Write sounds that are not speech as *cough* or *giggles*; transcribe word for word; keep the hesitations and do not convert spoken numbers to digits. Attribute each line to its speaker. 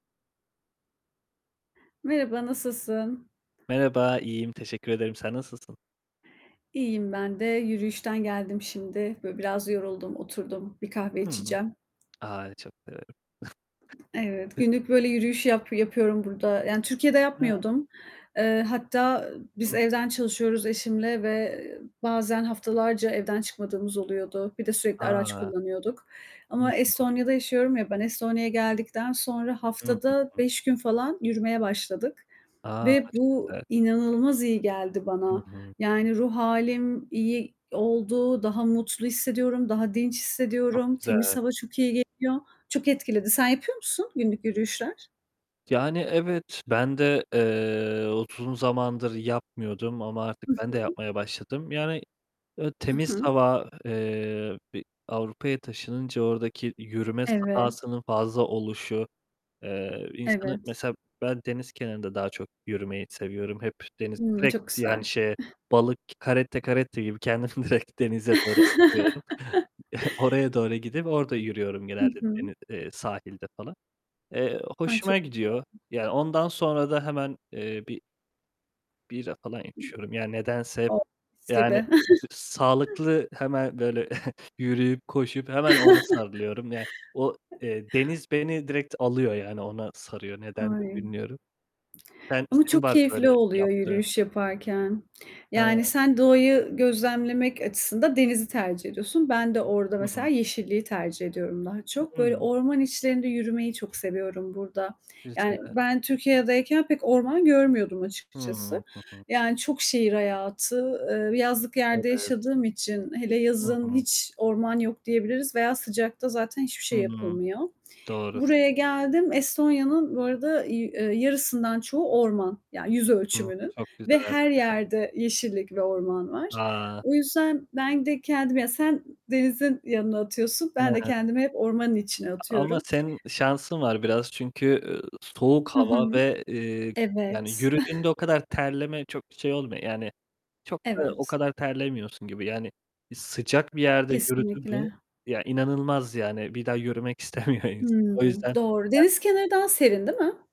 Speaker 1: Merhaba, nasılsın?
Speaker 2: Merhaba, iyiyim teşekkür ederim. Sen nasılsın?
Speaker 1: İyiyim ben de. Yürüyüşten geldim şimdi. Böyle biraz yoruldum, oturdum. Bir kahve
Speaker 2: Hı.
Speaker 1: içeceğim.
Speaker 2: A, çok severim.
Speaker 1: Evet, günlük böyle yürüyüş yap yapıyorum burada, yani Türkiye'de
Speaker 2: Hıı.
Speaker 1: yapmıyordum. Eee, hatta biz
Speaker 2: *unintelligible*
Speaker 1: evden çalışıyoruz eşimle ve bazen haftalarca evden çıkmadığımız oluyordu. Bir de sürekli araç
Speaker 2: A!
Speaker 1: kullanıyorduk ama
Speaker 2: *unintelligible*
Speaker 1: Estonya'da yaşıyorum ya ben, Estonya'ya geldikten sonra haftada
Speaker 2: *unintelligible*
Speaker 1: beş gün falan yürümeye başladık.
Speaker 2: A!
Speaker 1: Ve
Speaker 2: Çok
Speaker 1: bu
Speaker 2: güzel.
Speaker 1: inanılmaz iyi geldi
Speaker 2: Hı
Speaker 1: bana,
Speaker 2: hı.
Speaker 1: yani ruh hâlim iyi oldu, daha mutlu hissediyorum, daha dinç
Speaker 2: Çok
Speaker 1: hissediyorum, temiz
Speaker 2: güzel.
Speaker 1: hava çok iyi geliyor, çok etkiledi. Sen yapıyor musun günlük yürüyüşler?
Speaker 2: Yani evet, ben de, eee, utun zamandır yapmıyordum ama artık
Speaker 1: Hı
Speaker 2: ben de
Speaker 1: hı.
Speaker 2: yapmaya başladım. Yani, eee,
Speaker 1: Hı
Speaker 2: temiz
Speaker 1: hı.
Speaker 2: hava, eee, bir Avrupa'ya taşınınca oradaki yürüme
Speaker 1: Evet.
Speaker 2: sahasının fazla oluşu, eee, insanı
Speaker 1: Evet.
Speaker 2: mesela ben deniz kenarında daha çok yürümeyi seviyorum. Hep deniz,
Speaker 1: Hımm,
Speaker 2: direkt
Speaker 1: çok güzel.
Speaker 2: yani şeye
Speaker 1: *giggles*
Speaker 2: balık, caretta caretta gibi kendimi direkt denize doğru atıyorum.
Speaker 1: *chuckles*
Speaker 2: *giggles* Oraya doğru gidip orada yürüyorum
Speaker 1: Hı
Speaker 2: genelde
Speaker 1: hı.
Speaker 2: deni eee, sahilde falan. Eee,
Speaker 1: Ay, çok
Speaker 2: hoşuma gidiyor.
Speaker 1: *unintelligible*
Speaker 2: Ya ondan sonra da hemen, eee, bir bira falan içiyorum yani nedense hep
Speaker 1: Oh, mis gibi.
Speaker 2: yani
Speaker 1: *chuckles*
Speaker 2: sağlıklı hemen böyle *giggles* yürüyüp koşup hemen ona
Speaker 1: *chuckles*
Speaker 2: sarılıyorum. Ya o, eee, deniz beni direkt alıyor yani ona sarıyor, nedendir
Speaker 1: Ay.
Speaker 2: bilmiyorum. Sen
Speaker 1: Ama
Speaker 2: senin
Speaker 1: çok
Speaker 2: var böyle
Speaker 1: keyifli oluyor
Speaker 2: yaptığın?
Speaker 1: yürüyüş yaparken. Yani
Speaker 2: Ha.
Speaker 1: sen doğayı gözlemlemek açısında denizi tercih ediyorsun. Ben de orada
Speaker 2: Hı
Speaker 1: mesela
Speaker 2: hı.
Speaker 1: yeşilliği tercih ediyorum daha çok. Böyle
Speaker 2: Hımm.
Speaker 1: orman içlerinde yürümeyi çok seviyorum burada. Yani
Speaker 2: Güzel.
Speaker 1: ben Türkiye'deyken pek orman görmüyordum
Speaker 2: Hıı,
Speaker 1: açıkçası,
Speaker 2: hı hı.
Speaker 1: yani, çok şehir hayatı, eee, yazlık yerde
Speaker 2: Evet.
Speaker 1: yaşadığım için, hele
Speaker 2: Hı
Speaker 1: yazın
Speaker 2: hı.
Speaker 1: hiç orman yok diyebiliriz veya sıcakta zaten hiçbir şey
Speaker 2: Hıı.
Speaker 1: yapılmıyor.
Speaker 2: Doğru.
Speaker 1: Buraya geldim. Estonya'nın, bu arada y eee, yarısından çoğu orman; yani yüz
Speaker 2: Hı.
Speaker 1: ölçümünün
Speaker 2: Çok güzel.
Speaker 1: ve
Speaker 2: Evet.
Speaker 1: her yerde yeşillik ve orman var.
Speaker 2: A!
Speaker 1: O yüzden ben de kendim ya sen denizin yanına atıyorsun,
Speaker 2: Hı
Speaker 1: ben de
Speaker 2: hı.
Speaker 1: kendimi hep ormanın içine
Speaker 2: A ama
Speaker 1: atıyorum.
Speaker 2: senin şansın var biraz çünkü, üüü, soğuk
Speaker 1: Hı hı.
Speaker 2: hava ve, eee, yani
Speaker 1: Evet.
Speaker 2: yürüdüğünde
Speaker 1: *giggles*
Speaker 2: o kadar terleme çok şey olmuyor. Yani çok da o
Speaker 1: Evet.
Speaker 2: kadar terlemiyorsun gibi yani. Sıcak bir yerde yürüdün mü,
Speaker 1: Kesinlikle.
Speaker 2: ya inanılmaz yani, bir daha yürümek istemiyor insan, o
Speaker 1: Hımm,
Speaker 2: yüzden.
Speaker 1: doğru.
Speaker 2: Ben
Speaker 1: Deniz kenarı daha serin değil mi?